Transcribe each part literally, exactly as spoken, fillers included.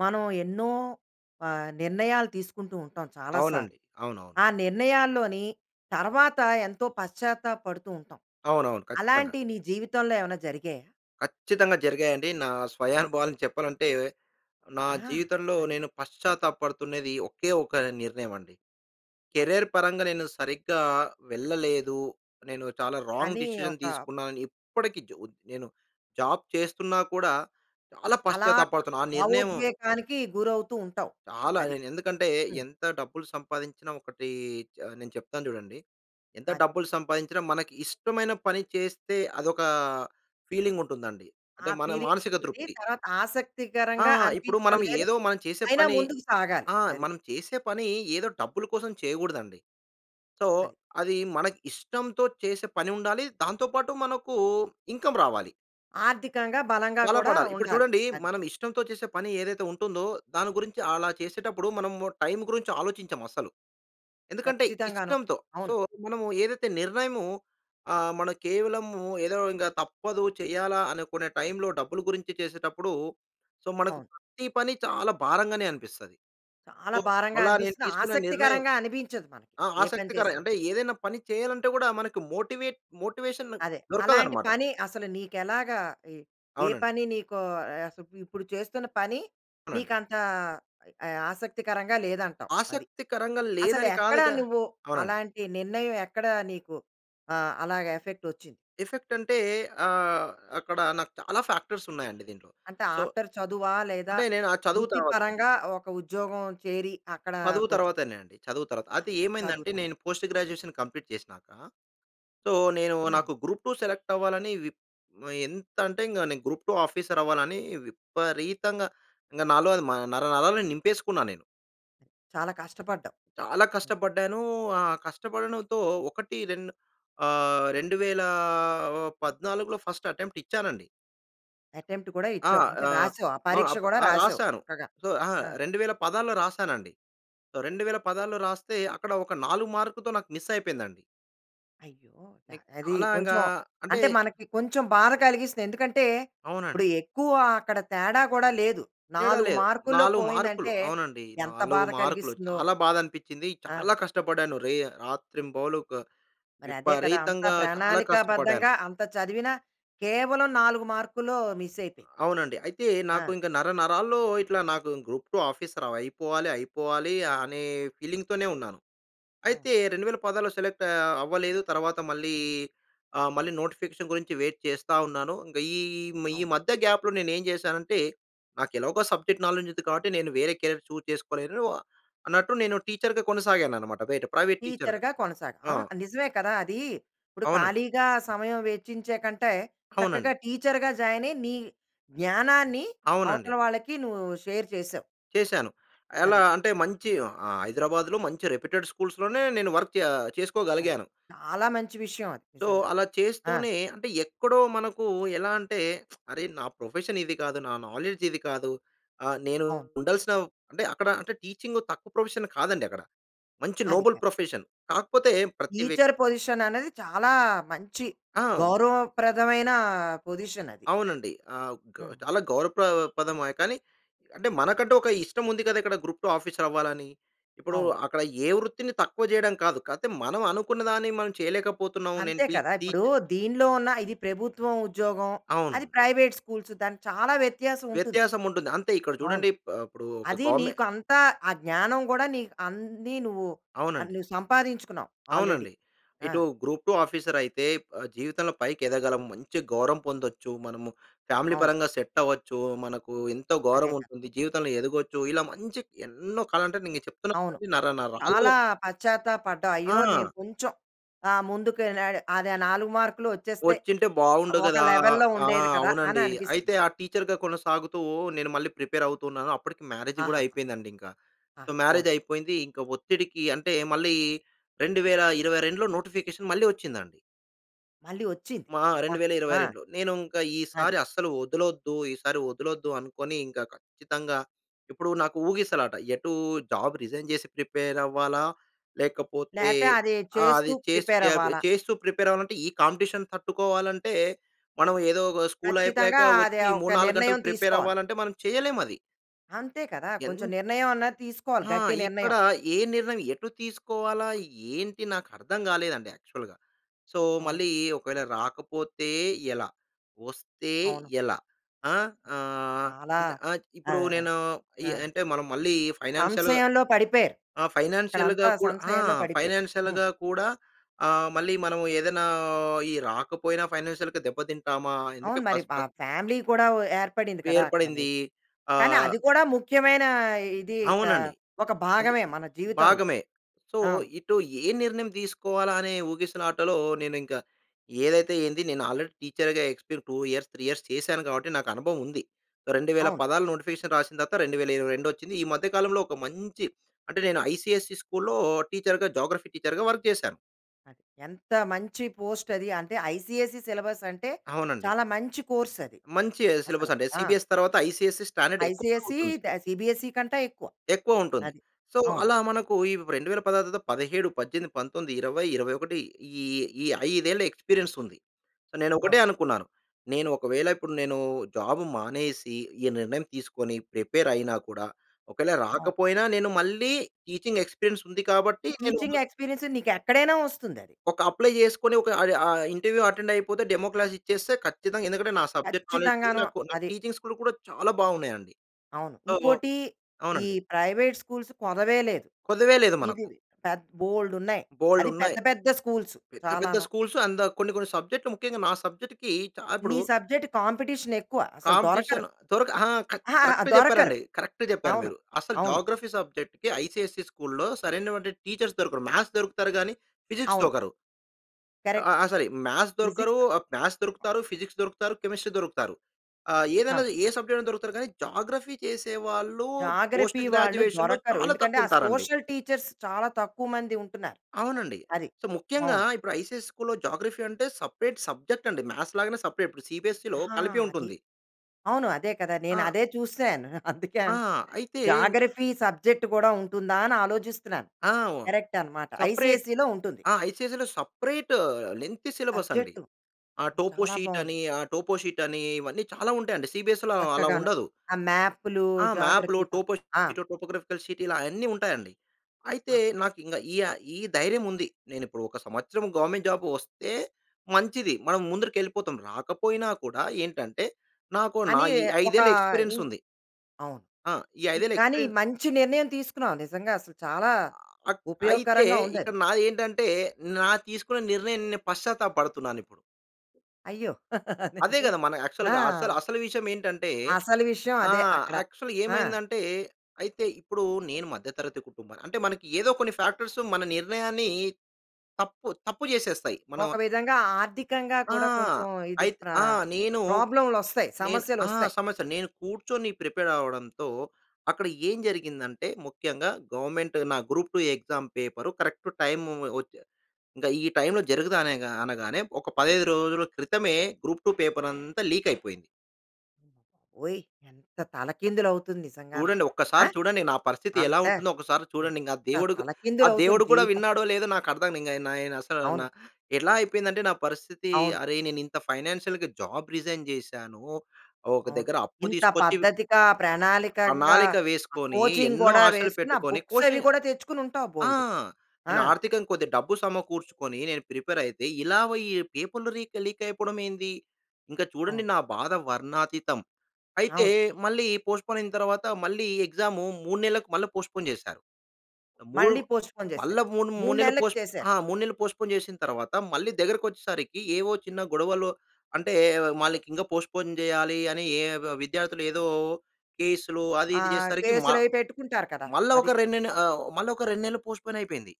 మనం ఎన్నో ఆహ్, నిర్ణయాలు తీసుకుంటూ ఉంటాం చాలా అవునండి. సార్లు. అవునవును. ఆ నిర్ణయాల్లోని తర్వాత ఎంతో పశ్చాత్తాప పడుతూ ఉంటాం. అవునవును. ఖచ్చితంగా. అలాంటివి నీ జీవితంలో ఏమైనా జరిగాయా? ఖచ్చితంగా జరిగాయండి. నా స్వయానుభవాలు చెప్పాలంటే, నా ఆ! జీవితంలో అది. నేను పశ్చాత్తాప పడుతున్నది ఒకే ఒక నిర్ణయమండి. అది. కెరియర్ పరంగా నేను సరిగ్గా వెళ్ళలేదు. నేను చాలా రాంగ్ అని డిసిషన్ ఒక తీసుకున్నానని ఇప్పటికి జ్ ఉ నేను జాబ్ చేస్తున్నా కూడా, చాలా అలా పశ్చాత్తాప పడుతున్నా ఆ నిర్ణయం భావోద్వేగానికి గురవుతూ ఉంటావు. చాలా. అది. నేను ఎందుకంటే, హ్మ్. ఎంత డబ్బులు సంపాదించిన ఒకటీ చ నేను చెప్తాను చూడండి. ఎంత అది. డబ్బులు సంపాయించినా మనకి ఇష్టమైన పని చేస్తే అదొక ఫీలింగ్ ఉంటుందండి. ఆ అంటే మన ఫీలింగ్ మానసిక ఉంటుంది. తృప్తి. తర్వాత ఆ! ఆసక్తికరంగా ఇప్పుడు మనం అనిపించడం లేదు. ఏదో మనం చేసే అయినా పని ముందుకు సాగాలి. ఆ! అది. మనం చేసే పని ఏదో డబ్బుల కోసం చేయగూడదండి. సో, అది. అది మనకు ఇష్టంతో చేసే పని ఉండాలి. దాంతో పాటు మనకు ఇన్‌కమ్ రావాలి. ఆర్థికంగా బలంగా బల కూడా పడాలి. ఇప్పుడు ఉండాలి. చూడండి అది. మనం ఇష్టంతో చేసే పని ఏదైతే ఉంటుందో, దాని గురించి అలా చేసేటప్పుడు మనం టైం గురించి ఆలోచించం అస్సలు. ఎందుకంటే, ఖచ్చితంగాను. ఇష్టంతో సో, అవును. మనము ఏదైతే నిర్ణయము ఆహ్, మన కేవలం ఏదో ఇంక తప్పదు చేయాలా అనుకునే టైమ్‌లో డబ్బులు గురించి చేసేటప్పుడు, సో, మనకు అవును. ప్రతి పని చాలా భారంగానే అనిపిస్తది. చాలా సో, భారంగా అలా నేను అనిపిస్తుంది. తీసుకున్న నిర్ణయం, ఆసక్తికరంగా అనిపించదు మనకి ఆహ్, ఏ పని ఆసక్తికర చేసినా. అంటే ఏదైనా పని చేయాలంటే కూడా, మనకి మోటివేట్ మోటివేషన్ అదే. అలాంటి దొరకదన్నమాట. పని అసలు నీకు ఎలాగా ఏ అవునండి. పని నీకు అస్ ఇప్ ఇప్పుడు చేస్తున్న పని అవునండి. నీకు అంత ఆహ్, ఆసక్తికరంగా లేదంటావు అది. ఆసక్తికరంగా అసలు లేదని కాదు ఎక్కడ గా నువ్వు అవునండి. అలాంటి నిర్ణయం ఎక్కడ నీకు ఆహ్, అలాగా ఎఫెక్ట్ వచ్చింది? ఎఫెక్ట్ అంటే ఆహ్, అక్కడ నాకు చాలా ఫాక్టర్స్ ఉన్నాయండి దీంట్లో. అంటే సో, ఆఫ్టర్ చదువా లేదా, అంటే, నేను ఆ చదువు వృత్తి తర్వాత పరంగా ఒక ఉద్యోగం చేరి అక్కడ చదువు కొంచెం తర్వాతనే అండి. చదువు తరువాత. ఆ! అయితే చదువు ఏమైందంటే పరంగా. నేను పోస్ట్ గ్రాడ్యుయేషన్ కంప్లీట్ చేసినాక సో, నేను హ్మ్. నాకు గ్రూప్-2 సెలెక్ట్ అవ్వాలని విప్ ఆహ్, ఎంత అంటే, ఇంక నేను గ్రూప్-2 ఆఫీసర్ అవ్వాలని విపరీతంగా, ఇంగ నాలో అది మ నర నరాల్లో నింపేసుకున్నా నేను. చాలా కష్టపపడ్డావు. చాలా కష్టపడ్డాను. ఆ కష్టపడడంతో ఒకటి రెండు ఆహ్, రెండువేల ఒ పద్నాలుగులో ఫస్ట్ అటెంప్ట్ ఇచ్చానండి. అటెంప్ట్ కూడా ఆ! ఇచ్చావు. అంటే ఆహ్, రాసావు. ఆ ఆహ్, పరీక్ష అప్ గూడా ఆ! రాసావు రాశాను. చక్కగా. సో ఆ! ఆ! రెండువేల పదహారులో రాసానండి. రెండువేల పదహారులో రాస్తే అక్కడ ఒక నాలుగు మార్కుతో నాకు మిస్ అయిపోయిందండి. అయ్యో! అది అలా ఇంకా కొంచెం అంటే అంటే మనకి కొంచెం బాధ కలిగిస్తుంది. ఎందుకంటే ఇప్పుడు అవునండి. ఎక్కువ అక్కడ తేడా గూడా లేదు. తేడా నాలుగు లేదు. మార్కుల్లో నాలుగు మార్కులు పోయిందంటే అవునండి. ఎంత నాలుగు బాధ మార్కులు కలిగిస్తుందో. చాలా బాధ అనిపిచ్చింది. చాలా ఆ! కష్టపడ్డాను. రే రాత్రింబవలు క మరి అదే కదా! అంతా విపరీతంగా చాలా కష్టపడ్డాను. ప్రణాళికాబద్ధంగా, అంత చదివినా కేవలం నాలుగు మార్కులు మిస్ అయిపోయింది. అవునండి. అయితే నాకు ఆ! ఇంక నరనరాల్లో ఇట్లా నాకు గ్రూప్-2 ఆఫీసర్ అవ్ అయిపోవాలి అయిపోవాలి అనే ఫీలింగ్‌తోనే ఉన్నాను. అవును. అయితే రెండువేల పదహారులో సెలెక్ట్ ఆహ్, అవ్వలేదు. తర్వాత మళ్ళీ ఆహ్, మళ్ళీ నోటిఫికేషన్ గురించి వెయిట్ చేస్తా ఉన్నాను. ఇంకా ఈ మ్ ఈ అవును. మధ్య గాప్‌లో నేను ఏం చేశానంటే నాకు ఎలాగో సబ్జెక్ట్ నాలెడ్జ్ ఉంది. కాబట్టి నేను వేరే కెరీర్ చూస్ చేసుకోలేను అన్నట్టు నేను టీచర్‌గా కొనసాగాను అన్నమాట. బయట ప్రైవేట్ టీచర్‌గా. టీచర్‌గా కొనసాగ్ ఆ! ఆహ్, నిజమే కదా. అది ఇప్పుడు అవునండి. ఖాళీగా సమయం వెచ్చించే కంటే, అవునండి. చక్కగా టీచర్‌గా జాయిన్ అయ్యి నీ జ్ఞానాన్ని అవునండి. అవతల వాళ్ళకి నువ్వు షేర్ చేసావు. చేశాను. ఎలా అది. అంటే మంచి ఆహ్, హైదరాబాద్‌లో మంచి రెప్యుటెడ్ స్కూల్స్‌లోనే నేను వర్క్ చే ఆహ్, అది. చేసుకోగలిగాను. చాలా మంచి విషయం అది. సో నిజంగా. అలా ఆ! చేస్తూనే అంటే ఎక్కడో మనకు ఎలా అంటే అరే! నా ప్రొఫెషన్ ఇది కాదు. నా నాలెడ్జ్ ఇది కాదు. ఆహ్, నేను అవును. ఉండాల్సిన అంటే అక్కడ అంటే టీచింగ్ తక్కువ ప్రొఫెషన్ కాదండి అక్కడ. మంచి అది. Noble profession. కాకపోతే ప్రతి వ్యక్ టీచర్ పొజిషన్ అనేది చాలా మంచి ఆ! గౌరవప్రదమైన పొజిషన్ అది. అవునండి. ఆ! గ హ్మ్. చాలా గౌరవ ప్ర పదమే కానీ, అంటే మనకంటూ ఒక ఇష్టం ఉంది కదా! ఇక్కడ గ్రూప్-2 ఆఫీసర్ అవ్వాలని. ఇప్పుడు అవును. అక్కడ ఏ వృత్తిని తక్కువ చేయడం కాదు. కాపోతే మనం అనుకున్నదాన్ని మనం చేయలేకపోతున్నాం. నేను అంతే టీ కదా! టీ ఇప్పుడు దీనిలో ఉన్న ఇది ప్రభుత్వం ఉద్యోగం, అవును. అది ప్రైవేట్ స్కూల్స్ దానికి చాలా వ్యత్యాసం ఉంటుంది. వ్యత్యాసం ఉంటుంది. అంతే ఇక్కడ అవును. చూడండి. ఆహ్, ఇప్పుడు ఒక అది గవర్నమె నీకు అంత ఆ జ్ఞానం గూడా నీకు అన్ని నువ్వు అది అవునండి. నువ్వు సంపాదించుకున్నావ్ ఆల్రెడీ. అవునండి. ఆ! ఇటు గ్రూప్-2 ఆఫీసర్ అయితే ఆహ్, జీవితంలో పైకి ఎదగలం. మంచి గౌరవం పొందొచ్చు. మనము ఫ్యామిలీ అవును. పరంగా సెట్ అవ్వొచ్చు. మనకు ఎంతో అదే గౌరవం కదా. ఉంటుంది. జీవితంలో ఎదగొచ్చు. ఇలా మంచి ఎన్నో కల అంటే నేను చెప్తున్నా అవును కదా నరనరాల్లో చాలా పశ్చాత్తాప పడ్డావు. అయ్యో! నేను ఆ! కొంచెం ఆహ్, ముందుకు ఎళ్ళాలి అదే నాలుగు మార్కులు వచ్చేస్తే, వచ్చింటే బావుండు ఒక కదా. లెవెల్‌లో ఆ! ఉండేది కదా! అని అవునండి అనిపిస్తుంది. అయితే ఆ టీచర్‌గా కొనసాగుతూ నేను మళ్ళీ ప్రిపేర్ అవుతున్నాను. అప్పటికి మ్యారేజ్ గూడా ఆహా! అయిపోయిందండి ఇంక. ఆ! సో పోన్ మ్యారేజ్ అయిపోయింది. ఇంకా ఒత్తిడికి అంటే మళ్ళీ రెండు వేల ఇరవైరెండులో నోటిఫికేషన్ మళ్ళీ వచ్చిందండి. మళ్ళీ వచ్చింది. మా అమ్మ! రెండు వేల ఇరవై ఆ! రెండులో నేను ఇంకా అది. ఈసారి అస్సలు వదలొద్దు. ఈసారి వదలొద్దు అనుకోని, ఇంక ఖచ్చితంగా ఇప్పుడు నాకు ఊగిసలాట. ఎటు జాబ్ రిజైన్ జేసి ప్రిపేర్ అవ్వాలా, లేకపోతే లేతే అదే ఆ! అది చేస్తూ చేస్తూ ప్రిపేర్ జా అవ్వాలా? చేస్తూ ప్రిపేర్ అవ్వాలంటే ఈ కాంపిటీషన్ తట్టుకోవాలంటే, మనం ఏదో ఒక స్కూల్ అయిపోయాక ఖచ్చితంగా! అది వచ్చి ఒక మూడు నాలుగు గంటలు నిర్ణయం ప్రిపేర్ తీసుకోవాలి. అవ్వాలంటే మనం చేయలేం అది. అంతే కదా! కొంచెం ఎన్ నిర్ణయం అన్నది తీసుకోవాలి. ఆ! గట్టి ఇక్కడ నిర్ణయం. ఏ నిర్ణయం ఎటు తీసుకోవాలా ఏంటి, నాకు అర్థం గాలేదండి యాక్చువల్‌గా. సో, అవును. మళ్ళీ ఒకవేళ రాకపోతే ఎలా? వస్తే అవును. ఎలా? ఆహ్, ఆహ్, చాలా అంటే ఇప్పుడు ఆహ్, నేను ఈ ఆ! అంటే మనం మళ్ళీ ఫైనాన్షియల్‌గా సంశయంలో పడిపోయారు. ఆ! అక్కడ ఫైనాన్షియల్‌గా అంతా కూడా ఆ! సంశయంలో పడిపోయారు. హ్మ్. ఫైనాన్షియల్‌గా కూడా ఆహ్, మళ్ళీ మనము ఏదైనా ఈ రాకపోయినా ఫైనాన్షియల్‌గా దెబ్బ తింటామా? అందుకే అవును. మరి ఫస్ట్, ఆ ఫస్ట్ ఫ్యామిలీ కూడా వ ఏర్పడింది కదా, అక్కడ ఏర్పడింది నీకు. కానీ ఆహ్ అది కూడా ముఖ్యమైన ఇది క అవునండి. ఒక అది భాగమే మన జీవితంలో. భాగమే. సో, అవును. ఇటు ఏ నిర్ణయం దీసుకోవాలా అనే ఊగిసిలాటలో, నేను ఇంక ఏదైతే ఏంది నేను ఆల్రెడీ టీచర్‌గా ఎక్స్‌పీ‌ర్ టూ ఇయర్స్, త్రీ ఇయర్స్ చేశాను గాబట్టి, నాకు అనుభవం ఉంది. రెండు వేల అవును. పదాలు నోటిఫికేషన్ రాసిన తర్వాత రెండు వేల ఇరవై రెండు వచ్చింది. ఈ మధ్య కాలంలో ఒక మంచి అంటే నేను ఐసిఎస్‌సి స్కూల్‌లో టీచర్‌గా, జియోగ్రఫీ టీచర్‌గా వర్క్ జేశాను. ఆహ్, అది ఎంత మంచి పోస్టది. అంటే, ఐసీఎస్‌‌‌‌‌ఈ సిలబసంటే, అవునండి. చాలా మంచి కోర్సది మంచి అసలు. సిలబసండి. ఆ! సీబీఎస్‌ఈ తర్వాత ఐసీఎస్‌‌‌‌‌ఈ స్టాండర్డ్ ఎక్కువగా ఐసీఎస్‌‌‌‌‌ఈ ఉంటుంది. ద సిబిఎస్‌‌‌‌‌ఈ కంటా ఎక్కువ. ఎక్కువ ఉంటుంది. అది. సో, అవును. అలా మనకు ఈవ్ రెండువేల పదహారు తర్వాత పదిహేడు పద్దెనిమిది పంతొమ్మిది, ఇరవై, ఇరవై ఒకటి ఈ ఈ ఐదేళ్ల ఎక్స్పీరియన్సుంది. నేనొకటే అవును. అనుకున్నాను. నేను ఒకవేళ ఇప్పుడు నేను జాబు మానేసి, ఈ నిర్ణయం తీసుకొని ప్రిపేరయినా కూడా, ఒకేళ అవును. రాకపోయినా, నేను మళ్ళీ టీచింగ్ ఎక్స్పీరియన్సుంది కాబట్టి నేను టీచింగ్ ఎక్స్పీరియన్సు, నీకెక్కడైనా వస్తుందది. ఒక అప్లై చేసుకొని ఒక అది ఆహ్, ఇంటర్వ్యూ అటెండయిపోతే, డెమో క్లాస్ ఇచ్చేస్తే ఖచ్చితంగా ఎందుకంటే, నా సబ్జెక్ట్ నాలెడ్జ్, కచ్చితంగాను. నాకు నాకు అది. టీచింగ్ స్కిల్లు కూడా చాలా బావున్నాయండి. అవును. సో ఉంకోటి ఈ అవునండి. ప్రైవేట్ స్కూల్స్ కొదవే లేదు. కోదవే లేదు ఇది మనకు. పెద్ బోల్డున్నాయి. అది పెద్ద, బోల్డున్నాయి. పెద్ద స్కూల్స్, పెద్ద, పెద్ద చాలాను. స్కూల్స్ అంద కొన్ని, కొన్ని సబ్జెక్ట్‌‌లు ముఖ్యంగా నా సబ్జెక్ట్‌కి చా నీ ఇప్పుడు సబ్జెక్ట్ కాంపిటీషనెక్కువ. అసలు దొరకరు. కాంపిటీషన్ దొరక ఆా! కర అహహ! కరెక్ట్‌గా దొరకరు. చెప్పారండి. కరెక్ట్‌గా చెప్పారు అవును. మీరు. అసలు అవును. జోగ్రఫీ సబ్జెక్ట్‌కి ఐసీఎస్‌ఈ స్కూల్‌లో సరైనటువంటి టీచర్స్ దొరకరు. మ్యాథ్స్ దొరుకుతారు గానీ, ఫిజిక్స్ అవును. దోకరు. అ ఆ! కరెక్ట్. సరి. మ్యాథ్స్ దొరకరు ఫిజిక్సా ఆహ్, మ్యాథ్స్ దొరుకుతారు. ఫిజిక్స్ దొరుకుతారు, కెమిస్ట్రీ దొరుకుతారు. ఆహ్, అవును. ఏదనది ఏ సబ్జెక్టయినా దొరుకుతారు కానీ, జాగ్రఫీ చేసేవాళ్ళు పోస్ట్ జాగ్రఫీ వాళ్ళు గ్రాడ్యువేషన్‌లో దొరకరు. చాలా ఎందుకంటే ఆ తక్కువుంటారండి. సోషల్ టీచర్స్ చాలా తక్కువ మంది ఉంటున్నారు. అవునండి. అది. సో, ముఖ్యంగా, అవును. ఇప్పుడు ఐసీఎస్‌ఈ స్కూల్‌లో జోగ్రఫీ అంటే, సెపరేట్ సబ్జెక్టండి. మ్యాథ్స్ లాగానే సెపరేట్. ఇప్పుడు సిబీఎస్‌‌‌‌‌‌‌‌‌ఈలో ఆ! కలిపి అది. ఉంటుంది. అవును. అదే కదా! నేను ఆ! అదే చూసాను. అందుకే ఆ! అన్ అయితే జాగ్రఫీ సబ్జెక్ట్ కూడా ఉంటుందా, అని ఆలోచిస్తున్నాను. ఆ! వో కరెక్టనమాట. సెపరేట్ ఐసీఎస్ఈలో ఉంటుంది. ఆహ్, ఐసీఎస్ఈలో సెపరేట్ లెంగ్తీ సిలబసండి. సబ్జెక్టు ఆహ్, చాలా బాగుంది. టోపోషీటని ఆహ్, టోపోషీటని ఇవన్నీ చాలా ఉంటాయండి. సిబీఎస్‌‌‌‌‌‌‌‌‌ఈలో అలా చక్కగాను. ఉండదు. ఆ మ్యాప్పులు, ఆ! మ్యాప్‌లు, జాగ్రఫీ త ఆ! టోపోషీట్, టోగ్రాఫికల్ షీట్ ఇలా అయన్నీ ఉంటాయండి. అయితే, ఆహా! నాకింక ఈయ ఈ ధైర్యముంది. నేనిప్పుడు ఒక సంవత్సరం గవర్నమెంట్ జాబ్ వస్తే మంచిది. మనం ముందరికెళ్ళిపోతాం. రాకపోయినా కూడా ఏంటంటే, నాకు, నా అని ఈ ఒక ఐదేళ్ల ఇన్ ఎక్స్పీరియన్సుంది. అవును. ఆ! ఈ ఇ ఐదేళ్ల కానీ ఎక్స్పీరియన్ మంచి నిర్ణయం తీసుకున్నావు, నిజంగా అసలు. చాలా ఆక్ అయితే ఉపయోగకరంగా ఉందది. ఇక్కడ నా ఏంటంటే, నా తీసుకున్న నిర్ణయం, నే పశ్చాత్తాపపడుతున్నానిప్పుడు. అయ్యో! అదే అదేంటి కదా! మన యాక్చువల్‌గా అసలు ఆ! అసలు విషయం ఏంటంటే, అసలు విషయం ఆ! అదే, అక్కడ. యాక్చువల్‌గా ఆ! ఏమైందంటే, అయితే ఇప్పుడు నేను మధ్యతరగతి కుటుంబాన్ని అంటే, మనకి ఏదో కొన్ని ఫ్యాక్టర్స్, మన నిర్ణయాన్ని తప్పు తప్పు చేసేస్తాయి. మనం ఒక విధంగా ఆర్థికంగా ఆ! కూడా, కొంచెం ఇది ఐత్ ప్రా ఆ! నేను ప్రాబ్లమ్‌లు వస్తాయి. నేను సమస్యలు ఆ! వస్తాయి. సమస్య నేను కూర్చొని ప్రిపేర్ అవ్వడంతో, అక్కడ ఏం జరిగిందంటే, ముఖ్యంగా గవర్నమెంట్ నా group two exam paper correct time వచ్చే ఇంకా ఈ టైమ్‌లో జరగదు. అన అనగానే, ఒక పదహైదు రోజుల క్రితమే గ్రూప్-2 పేపర్ అంతా లీక్ అయిపోయింది. ఓయ్! ఎంత తలకిందులు అవుతుంది నిజంగాను. చూడండి. ఆ! ఒక్కసారి చూడండి. నా పరిస్థితి ఎలా అంతే, ఉంటుందో, ఒకసారి చూడండి. ఇంక ఆ ఎంత దేవుడు ఆ తలకిందులు అవుతుంది దేవుడు కూడా జీవితం! విన్నాడో, లేదో, నాకు అర్థం ఇంక నె నేను నా అసలు అవును. ఎట్లా అయిపోయిందంటే నా పరిస్థితి, అవును. అరె, నేను ఇంత ఫైనాన్షియల్‌గా జాబ్ రిజైన్ చేశాను. ఒక అవును. దగ్గర అప్పు ఇంత తీసుకొచ్చి, పద్ధతిగా, ప్రణాళికంగా, ప్రణాళిక ఆ వేసుకొని, కోచింగ్ ఎన్నో కూడా ఆశలు వేసుకొని ఆ పెట్టుకొని, బుక్స్ అవి కోచింగ్ కూడా తెచ్చుకొని ఉంటావు, ఆ! బోలెడు. ఆ! నేను ఆర్థికంగా కొద్దిగా డబ్బు సమకూర్చుకొని, నేను ప్రిపేర్ అయితే, ఇలా ఈ ఈ పేపర్‌లు లీక్, లీక్ అయిపోవడం ఏంది! ఇంకా చూడండి అవును. నా బాధ వర్ణాతీతం. అయితే అవును. మళ్ళీ పోస్ట్‌పోన్ అయిన తర్వాత, మళ్ళీ ఎగ్జాము మూడు నెలలకు మళ్ళీ పోస్ట్‌పోన్ చేశారు. మూడు మళ్ళి పోస్ట్‌‌పోన్ చేసారు. మళ్ళా మూడు మూడు నెలలు నెల్లకి పోస్ట్ చేసారు. ఆ! మూడు నెలలు పోస్ట్‌పోన్ చేసిన తర్వాత, మళ్ళీ దగ్గరకొచ్చేసరికి, ఏవో చిన్న గొడవలు అంటే, ఆహ్, మళ్ళీ ఇంకా పోస్ట్‌పోన్ చేయాలి అని, ఏ విద్యార్థులు ఏదో కేసులు, అది, ఇది, ఆహ్, చేసేసరికి మా కేసులు అవి పెట్టుకుంటారు కదా! మళ్ళా ఒక అది. రెండు నెల్ ఆహ్ మళ్ళా ఒక రెండు నెలలు పోస్ట్‌పోన్ అయిపోయింది.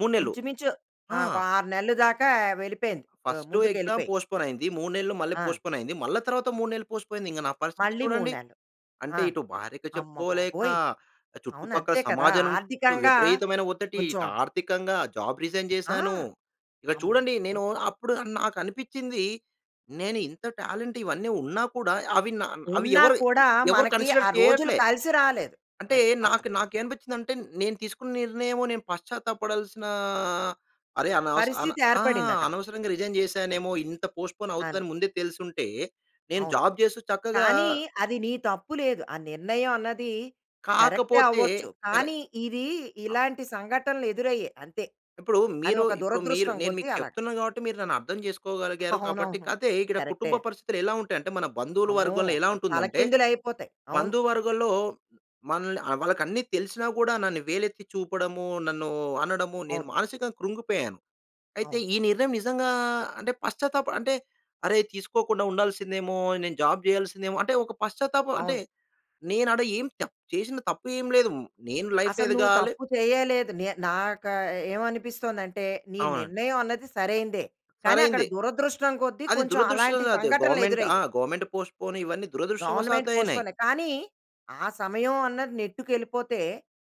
మూడు నెల్లు. ఇంచుమించు ఆ! ఆహ్, ఒక ఆరు నెలలు దాకా వెళ్ళిపోయింది. మ ఫ‌‌స్టు ముందుకు ఎగ్జామ్ ఎళ్ళిపోయింది. పోస్ట్‌పోన్ అయింది. మూడు నెలలు మళ్ళీ ఆ! పోస్ట్‌పోన్ అయింది. మళ్ళా తర్వాత మూడు నెలలు పోస్ట్‌పోనైంది. ఇంక నా పరిస్థితి మళ్ళీ మూడు చూడండి. నెలలు. అంటే, ఆ! ఇటు భార్యకి చెప్పుకోలేక, అమ్మబాబోయ్! అవును. చుట్టుపక్కల అంతే కదా! సమాజం నుండి ఆర్థికంగా విపరీతమైన ఒ‌త్తిటి, కొంచెం ఇటు ఆర్థికంగా జాబ్ రిజైన్ ఆ! చేశాను. ఇక చూడండి, అమ్మబాబోయ్! నేను అప్పుడు నాకు అనిపించింది, నేను ఇంత టాలెంట్ ఇవన్నీ ఉన్నా కూడా, అవి నా అవి ఉన్న ఎవరు కూడా, ఎవరు మనకి కన్సిడర్ ఆ రోజులు చేయట్లే. కలిసిరాలేదు. అంటే అది అక్కడ. నాకు నాకు ఏం అనిపించిందంటే, నేను తీసుకున్న నిర్ణయము నేను పశ్చాత్తాప పడాల్సినా అరే, అనవస అన పరిస్థితి ఆ! ఏర్పడింది అక్కడ. అనవసరంగా రిజైన్ చేశానేమో! ఇంత పోస్ట్‌పోన్ అను. అవుతుందని ముందే తెలిసుంటే, నేను అవును. జాబ్ చేస్తూ చక్కగా కానీ అది నీ తప్పు లేదు. ఆ నిర్ణయం అన్నది కరెక్టే కాకపోతే అవ్వచ్చు. కానీ, కరెక్ ఇది ఇలాంటి సంఘటనలు ఎదురయ్యే అంతే. ఇప్పుడు అది మీరు ఒక ఇప్పుడు మీరు దురదృష్టం నేను కొద్ది మీకు అలాగా. చెప్తున్నాను కాబట్టి, మీరు నన్ను అర్థం చేసుకోగలిగారు కాబట్టి, అవునవును. కాతే ఇక్కడ కరెక్టే. కుటుంబ పరిస్థితులు ఎలా ఉంటాయి అంటే, మన బంధువుల అమ్మో! వర్గంలో ఎలా అసలు ఉంటుందంటే, తలకిందులు అయిపోతాయి. అవును. బంధువర్గలో మనల్ని వాళ్ళకి అన్ని తెలిసినా కూడా నన్ను వేలెత్తి చూపడము. నన్ను అనడము, నేను అవును. మానసికంగా కృంగిపోయాను. అయితే అవును. ఈ నిర్ణయం నిజంగా అంటే, పశ్చాత్తాపం అంటే, అరేయ్, తీసుకోకుండా ఉండాల్సిందేమో! నేను జాబ్ చేయాల్సిందేమో! అంటే ఒక పశ్చాత్తాపం అంటే, అవును. నేను ఆడ ఏం చ చేసిన తప్పు ఏమి లేదు. నేను లైఫ్ అసలు నువ్వు ఎదగాలి తప్పు చేయలేదు. నే నాకు ఏమనిపిస్తుందంటే, నీ అవునండి. నిర్ణయం అనేది సరైనదే. కానీ అక్కడ సరైందే. దురదృష్టం కొద్ది అది కొంచెం, అలాంటి దురదృష్టవసా‌త్ సంఘటనలు గవర్నమెంట్ ఆ! ఎదురయ్యాయి. గవర్నమెంట్ పోస్ట్‌పోన్ ఇవన్నీ గవర్నమెంట్ దురదృష్టవశాత్తు అయినాయి. పోస్ట్‌‌పోనే కానీ, ఆ సమయం అన్నది నెట్టుకేళ్ళిపోతే,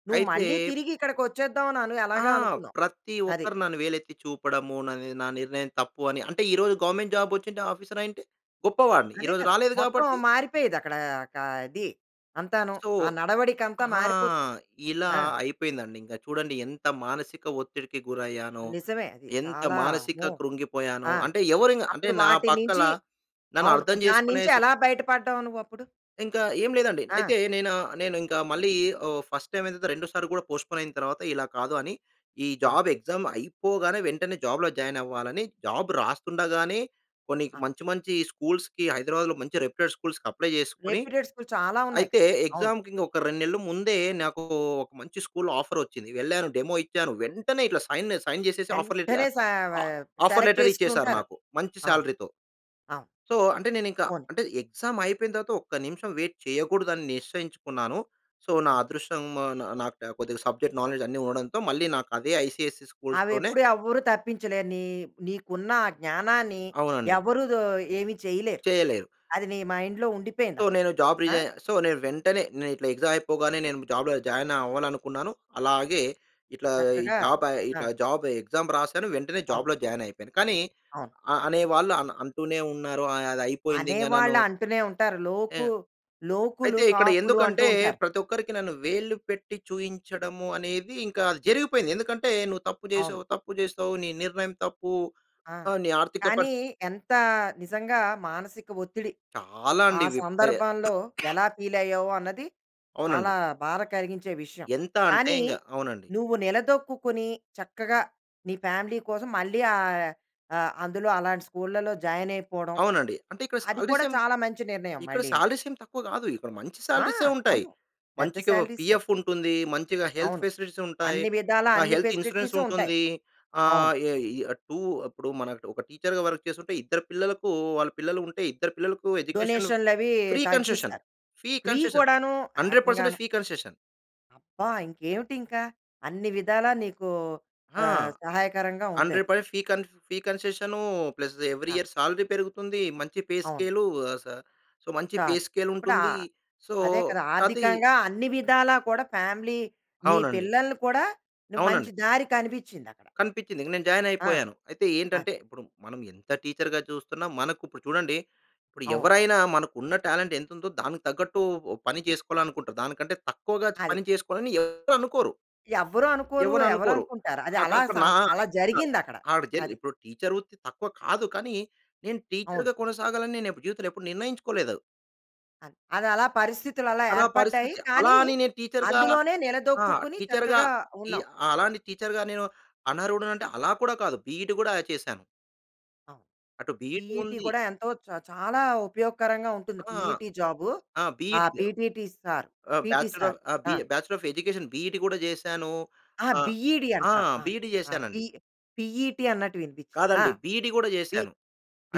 నువ్వు అయితే మళ్ళీ తిరిగి ఇక్కడికి వచ్చేద్దాం. అను అని ఆ! ఎలాగ అనుకున్నావ్. ప్రతి అది. ఒక్కరు నన్ను వేలెత్తి చూపడము, నా ని నిర్ణయం తప్పు అని అంటే, ఈరోజు గవర్నమెంట్ జాబ్ వచ్చింటే, ఆఫీసర్ అయ్యుంటే! గొప్పవాడిని. అదే ఈరోజు కదా! రాలేదు మొత్తం కాబట్టి మారిపోయేది అక్కడ. కా ఇది అంతాను. సో, ఆ నడవడిక అంతా ఆ! మారిపోతుంది. ఇలా ఆ! అయిపోయిందండి ఇంకా. చూడండి ఎంత మానసిక ఒత్తిడికి గురయ్యానో, నిజమే, అది ఎంత చాలా మానసిక అమ్మో! కృంగిపోయానో, ఆ! అంటే, ఎవరైనా అంటే అప్పుడు నా వాటి పక్క‌ల నుంచి నన్ను అవును. అర్థం దాని చేసుకునే నుంచి సి ఎలా బయట పడ్డావు, నువ్వు అప్పుడు? ఇంకా ఏమి లేదండి. ఆ! అయితే నేనా నేను ఇంకా మళ్ళీ ఓహ్, ఫస్ట్ టైమ్ అయిన తర్వాత రెండోసారి కూడా పోస్ట్‌పోన్ అయిన తర్వాత ఇలా కాదు, అని ఈ ఆ! జాబ్ ఎగ్జామ్ అయిపోగానే, వెంటనే జాబ్‌లో జాయిన్ అవ్వాలని జాబ్ రాస్తుండగానే, కొన్ని ఆ! మంచి, మంచి స్కూల్స్‌కి హైదరాబాద్‌లో మంచి రెప్యూటెడ్ స్కూల్స్‌కి అప్లై చేసుకొని, రెప్యూటెడ్ స్కూల్ చాలా ఉన్నాయి అయితే కదా! అవును. ఎగ్జామ్‌కి ఇంక ఒక రెండు నెలలు ముందే నాకు ఒక మంచి స్కూల్‌లో ఆఫర్ వచ్చింది. వెళ్ళాను, డెమో ఇచ్చాను, వెంటనే ఇట్లా సైన్, సైన్ చేసేసి ఆఫర్ లె వెంటనే సా వ ఆహ్, ఆఫర్ సెలెక్ట్ లెటర్ ఇచ్చేసారు చేసుకూనుంటారు. నాకు. మంచి అవును. సాలరీ‌తో. అవును. సో, అంటే నేనింక పోనీ. అంటే, ఎగ్జామ్ అయిపోయిన తర్వాత, ఒక్క నిమిషం వెయిట్ చేయకూడదు, అని నిశ్చయించుకున్నాను. సో, నా ఆ! అదృష్టం నాకు కొద్దిగా సబ్జెక్ట్ నాలెడ్జ్ అన్నీ ఉండడంతో, మళ్ళీ నాకు అదే ఐసీఎస్‌ఈ అవి స్కూల్స్‌లోనే ఎప్పుడు ఎవ్వరు తప్పించలేరు. నీ నీకున్న ఆ జ్ఞానాన్ని అవునండి. ఎవరు దో ఏమి చేయలేరు. చేయలేరు. అది నీ మైండ్‌లో ఉండిపోయింది సో, అక్కడ. నేను జాబ్ ఆ! రిజైన్ సో, నేను వెంటనే నేను ఇట్లా ఎగ్జామ్ అయిపోగానే, నేను జాబ్‌లో జాయిన్ అవ్వాలనుకున్నాను. అలాగే ఇట్లా ఈ చక్కగా జాబ్ జా ఆ! జాబ్ ఎక్సామ్ రాసాను, వెంటనే అవును. జాబ్‌లో జాయిన్ అయిపోయాను. కానీ అవును. అ అనేవాళ్ళు అ అంటూనే ఉన్నారు. అ అది అయిపోయింది ఇంకా నన్ను అనేవాళ్ళు అంటూనే ఉంటారు. లోకు ఆహ్, లోకులు, అయితే ఇక్కడ కాకులు అంటూ ఎందుకంటే, ఉంటారు. ప్రతి ఒక్కరికి నన్ను వేలు పెట్టి చూయించడము అనేది, ఇంకా అది జరిగిపోయింది. ఎందుకంటే నువ్వు తప్పు అవును. చేసావు, తప్పు చేసావు, నీ నిర్ణయం తప్పు, ఆ! ఆహ్, నీ ఆర్థిక పరిస్థితి కానీ, ఎంత నిజంగా, మానసిక ఒత్తిడి. చాలా ఆప్ ఆ అండి విప సందర్భంలో ఎలా ఫీల్ అయ్యావు అన్నది, అవునండి. చాలా బాధ కలిగించే విషయం. ఎంత అంటే, కానీ, ఇంగా అవునండి. నువ్వు నిలదొక్కుకుని చక్కగా, నీ ఫ్యామిలీ కోసం మళ్ళీ ఆహ్, ఆహ్, అందులో అలాంటి స్కూల్ల‌లో జాయిన్ అయిపోవడం, అవునండి. అంటే ఇక్కడ అది సాలరీస్ కూడా ఏం చాలా మంచి నిర్ణయం ఇక్కడ మళ్ళీను. సాలరీస్ ఏం తక్కువ కాదు. ఇక్కడ మంచి ఆ! సాలరీసే ఉంటాయి. అవును. పెద్ద మంచిగా సాలరీసే! పిఎఫ్ ఉంటుంది. మంచిగా హెల్త్ అవును. ఫెసిలిటీస్ ఉంటాయి. అన్ని విధాలా, ఆహ్, అన్ని హెల్త్ ఇన్స్యూరెన్స్ ఫెసిలిటీస్ ఉంటాయి. ఉంటుంది. అవును. ఆహ్, ఏ టూ ఇప్పుడు మనం ఒక టీచర్‌గా వర్క్ చేస్తుంటే, ఇద్దరు పిల్లలకు వాళ్ళ పిల్లలు ఉంటే, ఇద్దరు పిల్లలకు ఎడ్యుకేషన్ డొనేషన్‌లు అవి ఫ్రీ కన్సెషన్. తగ్గిస్తారు. ఫీ ఫ్రీ కన్సెషన్ కూడాను హండ్రెడ్ పర్సెంటేజ్ ఏకంగాను. Fee concession. అబ్బా! ఇంకేమిటి ఇంకా. అన్ని విధాలా నీకు ఆ! ఆహ్, సహాయకరంగా ఉంది హండ్రెడ్ అది. పర్సెంట్ ఫీ కన్ ఫీ కన్సీశన్‌, ప్లస్‌ ఎవ్రి అ! ఇయర్ సాలరీ పెరుగుతుంది. మంచి పే అవును. స్కేలు ఆహ్, స సొ మంచి పే కాదు. స్కేల్ ఇప్పుడు ఉంటుంది. ఆహ్, సో అదే కదా! కాతె ఆర్థికంగా అన్ని విధాలా కూడా ఫ్యామిలీ మీ అవునండి. పిల్లల్ని కూడాను మంచి అవునండి. దారి కనిపించింది అక్కడ. కనిపించింది. ఇంక నేను జాయిన్ ఆ! అయిపోయాను. అయితే అది ఏంటంటే ఇప్పుడు మనం ఎంత టీచర్‌గా చూస్తున్నా, మనకు ఇప్పుడు చూడండి ఇప్పుడు అవును. ఎవరైనా మనకు ఉన్న టాలెంట్ ఎంతుందో, దానికి తగ్గట్టు ఉ పని చేసుకోవాలనుకుంటారు. దానికంటే తక్కువగా అది. పని చేసుకోవాలని ఎవరు అనుకోరు. ఎవ్వరు అనుకోరు. ఎవరు ఎవరు అనుకోరు. అనుకుంటారు? అది ఆహ్, అలా అక స న అలా ఇపుడ్‌న జరిగింది అక్కడ. ఆవిడ చేత అది. ఇపుడు టీచర్ వృత్తి తక్కువ కాదు. కానీ నేను అవును. టీచర్‌గా కొనసాగాలని నేను ఎపు జీవితంలో ఎప్పుడు నిర్ణయించుకోలేదు అది. ఆహ్, అది అలా పరిస్థితులు అలా అలా ఏర్పడ్డాయి. పరిస్థితి. అలా కానీ అని నేను టీచర్‌గా అందులోనే ఆ! నిలదొక్కుకొని టీచర్‌గా చక్కగా ఈ ఉన్నావు. అలా అని టీచర్‌గా నేను అనర్హడని అంటే అలా కూడా కాదు. బిఈడి గూడ చేశాను. అవును. అటు బిఈడి పిఈటి ఉంది. కూడా ఎంతో చ చాలా ఉపయోగకరంగా ఉంటుంది. ఆ! పిఈటి జాబ్ ఆ! బిఈడి గ పిటిటి సార్ ఆహ్, పిటి బ్యాచ్లర్ సార్. ఆఫ్ ఆహ్, బి ఆ! ఆహ్, బ్యాచ్లర్ ఆఫ్ ఎడ్యుకేషన్ బిఈడి గూడా చేసాను. అహా! ఆహ్, బిఈడి ఆ! అంటావు. అ! బిఈడి అ! పి చేశానండి. పిఈటి అన్నట్టు వినిపించింది. ఆ! కాదండి బిఇడి కూడా బి చేసాను.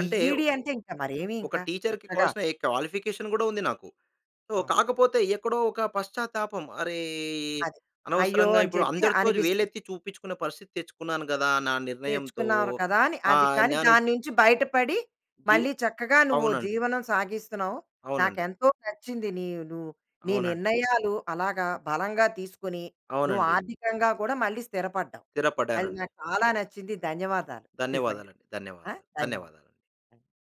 అంటే ఒ అంటే ఇంక మరేమి ఒక ఇంకా. టీచర్‌కి చక్కగా. కావాల్సిన ఎక్ క్వాలిఫికేషన్ కూడా ఉంది నాకు. సో అవును. కాకపోతే ఎక్కడో ఒక పశ్చాత్తాపం. అరే! అది. అయ్యో! అనవసరంగా అని ఇప్పుడు చెప్పి అందరితో అనిపిస్తుంది. వేలెత్తి చూపించుకునే పరిస్థితి తెచ్చుకున్నాను కదా, నా నిర్ణయంతో. తెచ్చుకున్నారు కదా అని. అది. ఆహ్, కానీ నాను దాని నుంచి బయటపడి, జి మళ్ళీ చక్కగా నువ్వు అవునండి. జీవనం సాగిస్తున్నావు. నాకు అవునండి. ఎంతో నచ్చింది. నీ ను నీ అవునండి. నిర్ణయాలు అలాగా బలంగా తీసుకొని నువ్వు అవునండి. ఆర్థికంగా కూడా మళ్ళీ స్థిరపడ్డావు. అది స్థిరపడ్డానండి. నాకు చాలా నచ్చింది. ధన్యవాదాలు నిజంగా. ధన్యవాదాలండి. ఆహ్, ధన్యవాదాలు, ధన్యవాదాలు. ధన్యవాదాలు.